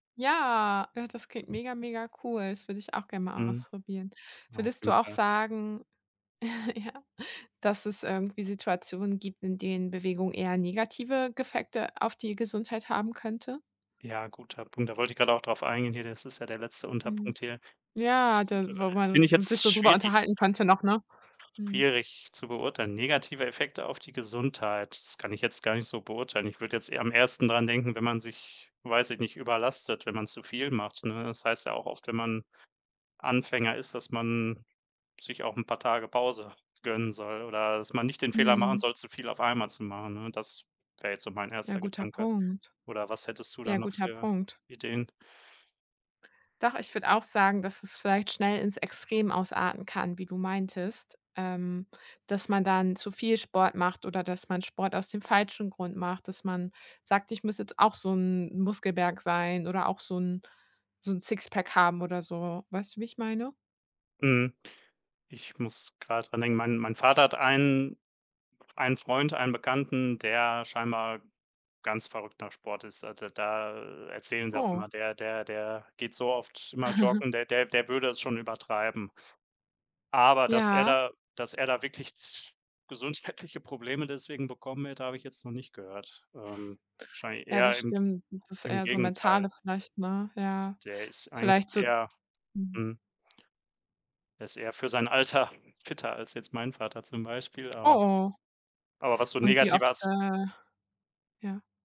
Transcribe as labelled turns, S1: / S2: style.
S1: Ja. Ja, das klingt mega, mega cool. Das würd' ich auch gern mal
S2: Mhm.
S1: ausprobieren.
S2: Ja, auf
S1: Würdest du
S2: jeden
S1: auch
S2: Fall.
S1: sagen ja, dass es irgendwie Situationen gibt, in denen Bewegung eher negative g Effekte auf die Gesundheit haben könnte?
S2: Ja, guter Punkt. Da wollte ich grad auch drauf eingehen hier. Das ist ja der letzte
S1: Mhm,
S2: Unterpunkt hier. Das,
S1: ja, da wo
S2: äh, finde ich
S1: man sich
S2: jetzt
S1: so drüber
S2: schwierig
S1: unterhalten könnte noch, ne? Mhm.
S2: schwierig zu beurteilen. Negative Effekte auf die Gesundheit, das kann ich jetzt gar nicht so beurteilen. Ich würd' jetzt eher am ehesten dran denken, wenn man sich, weiß ich nicht, überlastet, wenn man zu viel macht, ne? Das heißt ja auch oft, wenn man Anfänger ist, dass man sich auch 'n paar Tage Pause gönnen soll oder dass man nicht den Fehler machen
S1: Mhm.
S2: soll, zu viel auf einmal zu machen, ne? Das wär' jetzt so mein
S1: Ja,
S2: erster
S1: guter
S2: Gedanke.
S1: Punkt.
S2: Oder was hättest du da
S1: Ja,
S2: noch
S1: guter
S2: für
S1: Punkt.
S2: Ideen?
S1: Doch, ich würd' auch sagen, dass es vielleicht schnell ins Extrem ausarten kann, wie du meintest, ähm, dass man dann zu viel Sport macht oder dass man Sport aus dem falschen Grund macht, dass man sagt: „Ich muss jetzt auch so 'n Muskelberg sein oder auch so 'n so 'n Sixpack haben oder so.“ Weißt du, wie ich meine?
S2: Mhm. Ich muss gerade dran denken. Mein mein Vater hat ein einen Freund, einen Bekannten, der scheinbar ganz verrückt nach Sport ist. Also, da erzählen sie auch
S1: Oh.
S2: immer: Der der der geht so oft immer joggen, der der der würde es schon übertreiben. Aber dass er
S1: Ja.
S2: da dass er da wirklich z gesundheitliche Probleme deswegen bekommen wird, hab' ich jetzt noch nicht gehört. Ähm, wahrscheinlich
S1: Ja,
S2: eher
S1: das
S2: im
S1: stimmt. Das ist
S2: im
S1: eher so
S2: Gegenteil.
S1: Mentale vielleicht, ne? Ja.
S2: Der ist eigentlich
S1: Vielleicht so
S2: eher
S1: mhm.
S2: mhm. Der ist eher für sein Alter fitter als jetzt mein Vater zum Beispiel, aber
S1: Oh
S2: Aber was so
S1: Und wie
S2: negative
S1: oft,
S2: As
S1: äh ja.